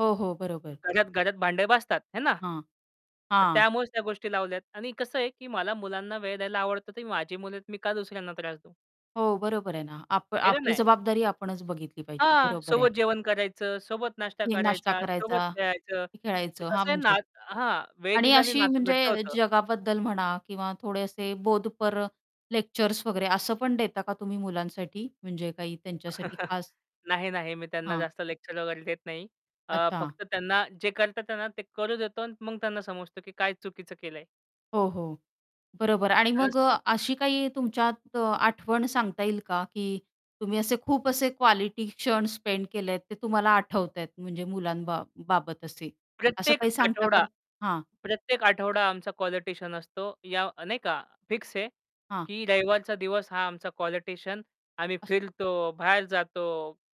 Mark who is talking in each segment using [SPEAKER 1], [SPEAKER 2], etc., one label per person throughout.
[SPEAKER 1] हो, हो, बरोबर.
[SPEAKER 2] घरात-घरात भांडे वाजतात, हे ना.
[SPEAKER 1] हां.
[SPEAKER 2] तर
[SPEAKER 1] हां.
[SPEAKER 2] त्यामुळेच त्या गोष्टी लावल्यात आणि कसं आहे, की मला मुलांना वेळ द्यायला आवडतं, ते माझी मुले आहेत, मी का दुसऱ्यांना त्रास देऊ.
[SPEAKER 1] हो बरोबर आहे ना, आप
[SPEAKER 2] खरं
[SPEAKER 1] आपली
[SPEAKER 2] नाही.
[SPEAKER 1] जबाबदारी आपणच बघितली पाहिजे.
[SPEAKER 2] हां,
[SPEAKER 1] बरोबर
[SPEAKER 2] सोबत
[SPEAKER 1] आहे.
[SPEAKER 2] जेवण करायचं, सोबत नाश्ता
[SPEAKER 1] हे नाश्ता
[SPEAKER 2] करायचा, सोबत
[SPEAKER 1] करायचा,
[SPEAKER 2] खेळायचं.
[SPEAKER 1] की
[SPEAKER 2] ते
[SPEAKER 1] खेळायचं, हां
[SPEAKER 2] कसं आहे
[SPEAKER 1] म्हणजे.
[SPEAKER 2] नात हां, वेळ
[SPEAKER 1] आणि
[SPEAKER 2] दिल्याने
[SPEAKER 1] अशी
[SPEAKER 2] नातं घट्ट
[SPEAKER 1] म्हणजे
[SPEAKER 2] होतं.
[SPEAKER 1] जगाबद्दल म्हणा किंवा थोडे असे बोधपर लेक्चर्स वगैरे असं पण देता का तुम्ही मुलांसाठी, म्हणजे काही त्यांच्यासाठी खास?
[SPEAKER 2] नाही, नाही. मी त्यांना
[SPEAKER 1] हां.
[SPEAKER 2] जास्त लेक्चर वगैरे देत नाही. अ,
[SPEAKER 1] अच्छा.
[SPEAKER 2] फक्त त्यांना जे करतात त्यांना, ते करू देतो आणि मग त्यांना समजतो, की काय चुकीचं केलं आहे.
[SPEAKER 1] हो, हो. बरोबर. आणि
[SPEAKER 2] तरच
[SPEAKER 1] मग अ, अशी काही तुमच्यात अ, आठवण सांगता येईल का, की तुम्ही असे खूप असे क्वालिटी क्षण स्पेंड केलेत, ते तुम्हाला आठवता आहेत, म्हणजे मुलांबा बा बाबत असे. असं
[SPEAKER 2] प्रत्येक
[SPEAKER 1] काही सांगता
[SPEAKER 2] आठवडा
[SPEAKER 1] का? हां.
[SPEAKER 2] प्रत्येक आठवडा आमचा क्वालिटीशियन असतो याव नाही का फिक्स आहे,
[SPEAKER 1] हां.
[SPEAKER 2] की रविवारचा दिवस हा आमचा क्वालिटिशियन. आम्ही
[SPEAKER 1] अस
[SPEAKER 2] फिरतो, बाहेर जातो,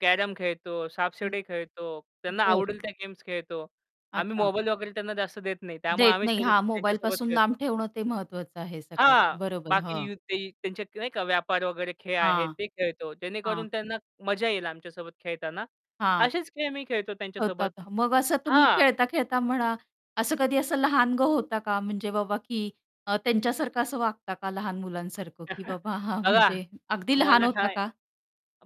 [SPEAKER 2] कॅरम खेळतो,
[SPEAKER 1] हं,
[SPEAKER 2] सापशिडी खेळतो, त्यांना
[SPEAKER 1] बरं.
[SPEAKER 2] आवडेल त्या गेम्स खेळतो. आम्ही
[SPEAKER 1] अच्छा.
[SPEAKER 2] मोबाईल वगैरे त्यांना जास्त देत नाही. त्यामुळे
[SPEAKER 1] देत
[SPEAKER 2] आम्हीच
[SPEAKER 1] नाही.
[SPEAKER 2] त्याच्या
[SPEAKER 1] हां
[SPEAKER 2] त्यांच्यासोबत
[SPEAKER 1] मोबाईलपासून लांब
[SPEAKER 2] खेळतो.
[SPEAKER 1] ठेवणं ते महत्वाचं आहे सगळ्यात,
[SPEAKER 2] हां,
[SPEAKER 1] बरोबर.
[SPEAKER 2] बाकी
[SPEAKER 1] हं.
[SPEAKER 2] यू ते त्यांचेत की नाही का व्यापार वगैरे खेळ आहेत,
[SPEAKER 1] हां.
[SPEAKER 2] ते खेळतो.
[SPEAKER 1] हां.
[SPEAKER 2] जेणेकरून त्यांना मजा येईल आमच्यासोबत खेळतांना.
[SPEAKER 1] हां.
[SPEAKER 2] असेच खेळ मी खेळतो त्यांच्या सोबत
[SPEAKER 1] होतात, ह मग असं तुम्ही
[SPEAKER 2] हां.
[SPEAKER 1] खेळता-खेळता म्हणा, असं कधी असं लहानगं होता का? म्हणजे बाबा की अ, त्यांच्यासारखं असं वागता का, लहान मुलांसारखं, की बाबा हां
[SPEAKER 2] बघा
[SPEAKER 1] म्हणजे अगदी लहान
[SPEAKER 2] तुम्हाला
[SPEAKER 1] होता
[SPEAKER 2] हाय
[SPEAKER 1] का?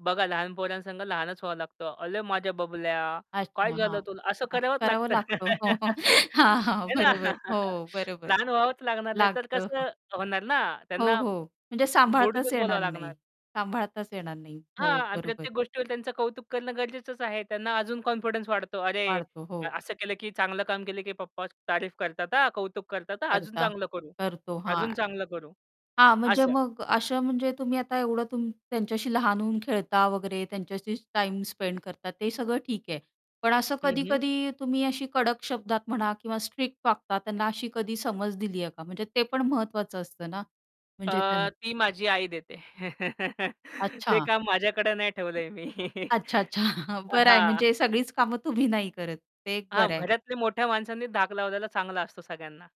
[SPEAKER 2] बघा लहान पोरांसंग लहानच व्हावं लागतं. "अले माझ्या बबल्या काय
[SPEAKER 1] अच्छा हां,
[SPEAKER 2] झालं तुला" असं
[SPEAKER 1] असं
[SPEAKER 2] करावंच
[SPEAKER 1] करावं
[SPEAKER 2] लागतं.
[SPEAKER 1] लागतं हो. हो. हां, हां
[SPEAKER 2] हे ना.
[SPEAKER 1] बरोबर, हो बरोबर.
[SPEAKER 2] लहान व्हावंच लागणार नाही तर
[SPEAKER 1] लागतं.
[SPEAKER 2] कसं होणार ना,
[SPEAKER 1] हो,
[SPEAKER 2] त्यांना
[SPEAKER 1] हो, म्हणजे सांभाळताच
[SPEAKER 2] गोडीतच
[SPEAKER 1] येणार
[SPEAKER 2] बोलावं
[SPEAKER 1] नाही
[SPEAKER 2] लागणार.
[SPEAKER 1] सांभाळताच येणार नाही.
[SPEAKER 2] हां,
[SPEAKER 1] हो,
[SPEAKER 2] आणि
[SPEAKER 1] बरोबर.
[SPEAKER 2] प्रत्येक गोष्टीवर त्यांचं कौतुक करणं गरजेचंच आहे. त्यांना अजून कॉन्फिडन्स वाढतो. अरे!
[SPEAKER 1] वाढतो,
[SPEAKER 2] अ,
[SPEAKER 1] हो.
[SPEAKER 2] "असं केलं, की चांगलं काम केलं, की पप्पा तारीफ करतात हां, कौतुक करतात हां, अजून
[SPEAKER 1] करता
[SPEAKER 2] चांगलं करू
[SPEAKER 1] करतो हां.
[SPEAKER 2] अजून चांगलं करू,"
[SPEAKER 1] हां म्हणजे
[SPEAKER 2] असं.
[SPEAKER 1] मग असं म्हणजे तुम्ही आता एवढं तुम त्यांच्याशी लहान होऊन खेळता वगैरे, त्यांच्याशी टाईम स्पेंड करता ते सगळं ठीक आहे. पण असं
[SPEAKER 2] हं, हं.
[SPEAKER 1] कधी-कधी तुम्ही अशी कडक शब्दात म्हणा, किंवा स्ट्रिक्ट वागता, त्यांना अशी कधी समज दिली आहे का? म्हणजे ते पण महत्वाचं असतं ना, म्हणजे त्यांन
[SPEAKER 2] अ, ती माझी आई देते. ते
[SPEAKER 1] अच्छा.
[SPEAKER 2] काम माझ्याकडे नाही ठेवलं आहे मी.
[SPEAKER 1] अच्छा-अच्छा
[SPEAKER 2] अ,
[SPEAKER 1] बरं आहे.
[SPEAKER 2] हां.
[SPEAKER 1] म्हणजे सगळीच कामं तुम्ही नाही करत, ते एक
[SPEAKER 2] हां,
[SPEAKER 1] बरं आहे.
[SPEAKER 2] घरातल्या मोठ्या माणसांनी धाक लावलेला चांगला असतो सगळ्यांना.